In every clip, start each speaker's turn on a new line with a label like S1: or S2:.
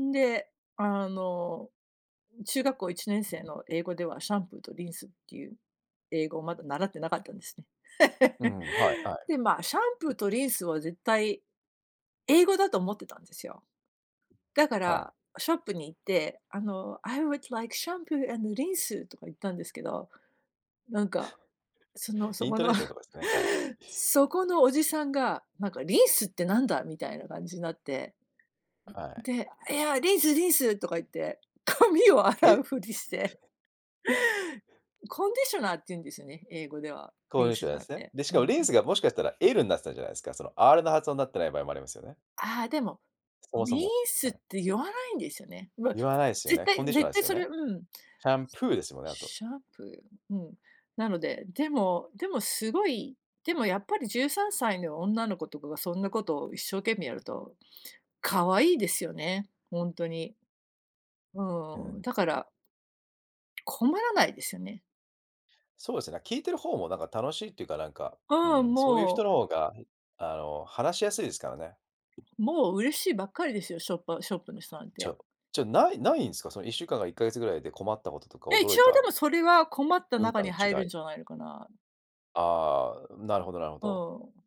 S1: んで、あの、中学校1年生の英語では、シャンプーとリンスっていう英語をまだ習ってなかったんですね。
S2: う ん。はいは
S1: で、まあ、シャンプ
S2: い。
S1: ーとリンスは絶対英語だと思ってたんですよ。だか
S2: はい。
S1: ら、ショップに行って、あの、「I would like shampoo and rinse.」とか言ったんですけど、なんか、その、そ
S2: イン
S1: こ
S2: ト
S1: の
S2: ネーションとかですね。はい。
S1: そこのおじさんが、なんか、「リースってなんだ？」みたいな感じになって。
S2: はい。
S1: で、「いや、リンスリンス」とか言って、髪を洗う
S2: え。
S1: ふりして。コンディショナーっていうんですよね、英語では。
S2: こ
S1: リ
S2: う
S1: ン
S2: いし
S1: ス
S2: ょ
S1: じ
S2: なー
S1: ゃな
S2: す
S1: く
S2: ね。
S1: て。
S2: で、し
S1: う
S2: か
S1: ん。
S2: も、リンスがもしかしたら L になってたんじゃないですか、その、R の発音になってない場合もありますよね。
S1: ああ、でも、
S2: そもそ
S1: ミー
S2: も、
S1: ス
S2: は
S1: っ
S2: い。
S1: て言わないんですよね。まあ、
S2: 言わないすよ
S1: 絶
S2: ね、コン
S1: 対
S2: ディショナー
S1: 絶
S2: で
S1: 対
S2: すよ
S1: それ
S2: ね。
S1: うん。
S2: シャンプーですよね。あと。
S1: シャンプー、うん。なので、でもでも、すごい、でもやっぱり、13歳の女の子とかがそんなことを一生懸命やると、可愛いですよね、ほんとに。う
S2: う
S1: ーん、
S2: ん。
S1: だから困らないですよね。
S2: そうですね、聞いてる方もなんか楽しいっていうか、なんか、
S1: う
S2: う
S1: ー
S2: ん、
S1: ん、
S2: そういう
S1: も
S2: 人
S1: う
S2: の方が、ん、あの、話しやすいですからね。
S1: もう、嬉しいばっかりですよ、ショッパショップの人なん
S2: じ
S1: て。
S2: ゃじゃないないんすか、その1週間から1ヶ月ぐらいで困ったこととか
S1: いや
S2: 驚
S1: 一
S2: い
S1: 応、で
S2: た
S1: も、それは困った
S2: 文化
S1: 中
S2: の
S1: に入る
S2: 違
S1: ん
S2: い。
S1: じゃないのかな。
S2: ああ、なるほどなるほ
S1: う
S2: ど。
S1: ーん。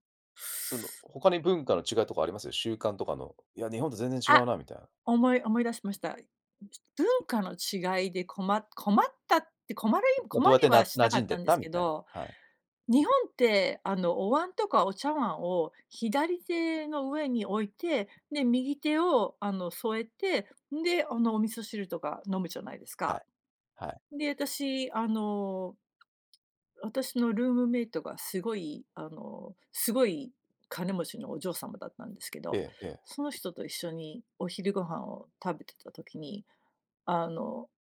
S2: その、他に文化の違いとかあります？習慣とかの。いや、日本と全然違
S1: あ、
S2: うなみたいな。
S1: 思い思い出しました。文化の違いで、こま困ったって困る
S2: まあ、
S1: 困
S2: どうやっ
S1: り
S2: て、な
S1: はし
S2: 馴
S1: なか
S2: 染
S1: っ
S2: ん
S1: た
S2: でっ
S1: んです
S2: たみ
S1: け
S2: たいな、
S1: ど、
S2: はい。
S1: 日本って、あの、お椀とかお茶碗を、左手の上に置いて、で、右手を、あの、添えて、んで、あの、お味噌汁とか飲むじゃないです
S2: は
S1: か。
S2: い。はい。
S1: で、私、あの、私のルームメイトがすごい、あの、すごい金持ちのお嬢様だったんですけど、
S2: えええ
S1: その
S2: え。
S1: 人と一緒にお昼ご飯を食べていた時に、あの